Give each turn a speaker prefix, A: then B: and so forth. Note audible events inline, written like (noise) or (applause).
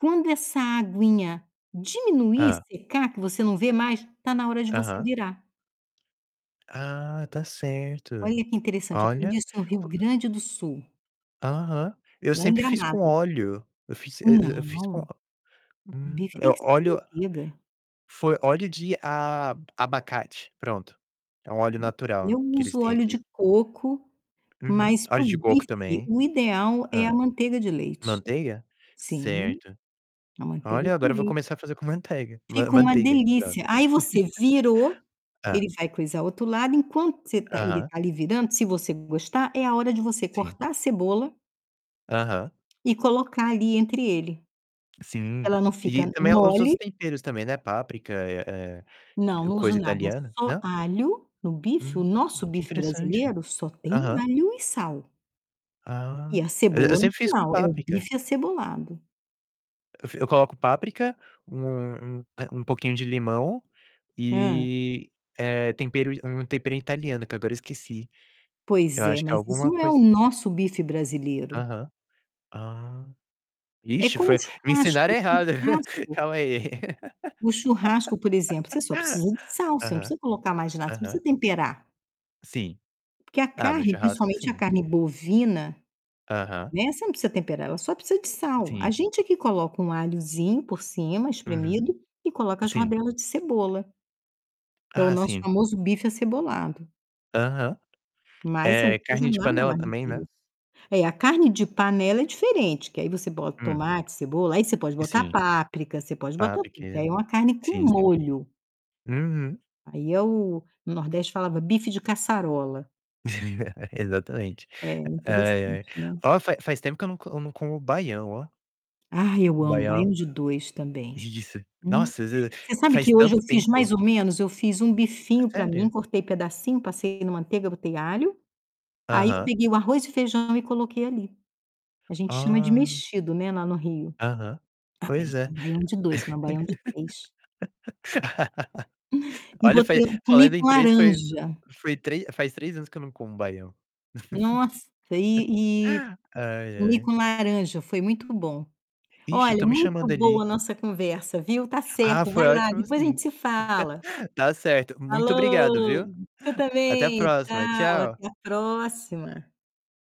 A: Quando essa aguinha diminuir
B: Hã.
A: e secar que você não vê mais, tá na hora de você
B: Aham.
A: virar.
B: Ah, tá certo.
A: Olha que interessante, aprendi
B: Olha.
A: isso no Rio Grande do Sul
B: Aham. Eu
A: lá em
B: sempre fiz com
A: Gramado.
B: óleo, eu fiz e e eu fiz com
A: Não,
B: hum,
A: bife
B: eh,
A: tem que ser com
B: óleo
A: manteiga.
B: foi óleo de a abacate. Pronto, é um óleo natural
A: Eu
B: que eles
A: uso
B: têm
A: óleo
B: aqui.
A: de coco,
B: Uhum.
A: mas para
B: Óleo
A: o
B: de coco
A: bife,
B: também.
A: o ideal é a
B: Hã.
A: manteiga de leite.
B: Manteiga?
A: Sim,
B: Certo.
A: a manteiga
B: Olha,
A: de
B: agora eu vou
A: leite.
B: começar a fazer com manteiga man
A: Fica uma
B: manteiga, pronto.
A: delícia. Aí, você virou,
B: (laughs) Hã.
A: ele vai coisar o outro lado, enquanto você tá ele
B: Aham.
A: tá ali virando, se você gostar, é a hora de você
B: Sim.
A: cortar a cebola
B: Aham.
A: e colocar ali entre ele.
B: Sim.
A: Ela não
B: E
A: fica
B: também os outros
A: mole.
B: temperos também, né, páprica, eh
A: Não,
B: eh,
A: não uso
B: coisa
A: nada,
B: italiana
A: só
B: não?
A: alho. No bife o
B: Hum,
A: nosso
B: que
A: bife
B: interessante.
A: brasileiro só tem
B: Aham.
A: alho e sal
B: Ah,
A: e a
B: e eu
A: cebola no
B: sempre fiz com
A: final. É o
B: páprica.
A: bife acebolado.
B: Eu fi eu coloco páprica, um um, eh, um pouquinho de limão
A: Hã.
B: e, eh, tempero um tempero italiano que agora eu esqueci. Eu
A: Pois é,
B: acho que é
A: mas
B: alguma
A: isso é o
B: cois
A: nosso bife brasileiro.
B: Aham. Ah,
A: É
B: vixe,
A: como o
B: foi me
A: churrasco. O
B: ensinaram errado. (laughs)
A: churrasco
B: Calma aí.
A: o churrasco, por exemplo, você só precisa de sal.
B: (laughs)
A: Você não
B: Aham.
A: precisa colocar mais nada. Você não
B: Aham.
A: precisa temperar
B: Sim.
A: porque a
B: Ah, no
A: carne,
B: churrasco,
A: principalmente a
B: sim.
A: carne bovina,
B: Aham.
A: né, você não precisa temperar, ela só precisa de sal. A
B: Sim.
A: gente é que coloca um alhozinho por cima,
B: Uhum.
A: espremido, e coloca as
B: Sim.
A: rodelas de cebola que é o
B: Ah,
A: nosso
B: sim.
A: famoso bife acebolado.
B: Aham.
A: Mas você não
B: Eh, carne
A: precisa
B: de
A: nada
B: panela
A: mais do
B: também,
A: que
B: né.
A: isso. É, a carne de panela é diferente, que aí você bota
B: Hum.
A: tomate, cebola. Aí, você pode botar
B: Sim.
A: páprica, você pode botar
B: Páprica,
A: tudo, que aí
B: é.
A: é uma carne com
B: Sim, sim.
A: molho.
B: Uhum.
A: Aí, é o no Nordeste falava bife de caçarola.
B: (chuckles) Exatamente.
A: É
B: Ai,
A: interessante,
B: ai.
A: né?
B: Ó, fa faz tempo que eu não co não como baião, ó.
A: Ah, eu amo
B: Baião.
A: baião-de-dois também.
B: Delícia.
A: Hum.
B: Nossa, às vez
A: Você sabe
B: faz
A: que hoje eu
B: tanto
A: fiz
B: tempo.
A: mais ou menos. Eu fiz um
B: É
A: bifinho pra mim,
B: sério?
A: cortei pedacinho, passei na manteiga, botei alho, aí eu
B: Aham.
A: peguei o arroz e feijão e coloquei ali. A gente chama de
B: Ah.
A: mexido, né, lá no Rio.
B: Aham.
A: Ah,
B: Pois
A: parece
B: é.
A: um baião-de-dois, se não um baião-de-três
B: (laughs)
A: E
B: Olha, fa
A: botei comi
B: falando em
A: com
B: 3, foi
A: laranja.
B: foi trê faz 3 anos que eu não como baião.
A: Nossa, e e
B: (laughs) Ai,
A: comi
B: ai.
A: com laranja, foi muito bom.
B: Ixe,
A: Olha,
B: estão me
A: muito
B: chamando
A: boa a
B: ali.
A: nossa conversa, viu, tá
B: Ah,
A: certo,
B: foi
A: vai lá,
B: ótimo
A: depois a
B: sim.
A: gente se fala.
B: (chuckles) Tá certo. Muito obrigado,
A: Falou,
B: viu?
A: você
B: Até a
A: também.
B: próxima.
A: Tchau,
B: Tchau.
A: até a próxima.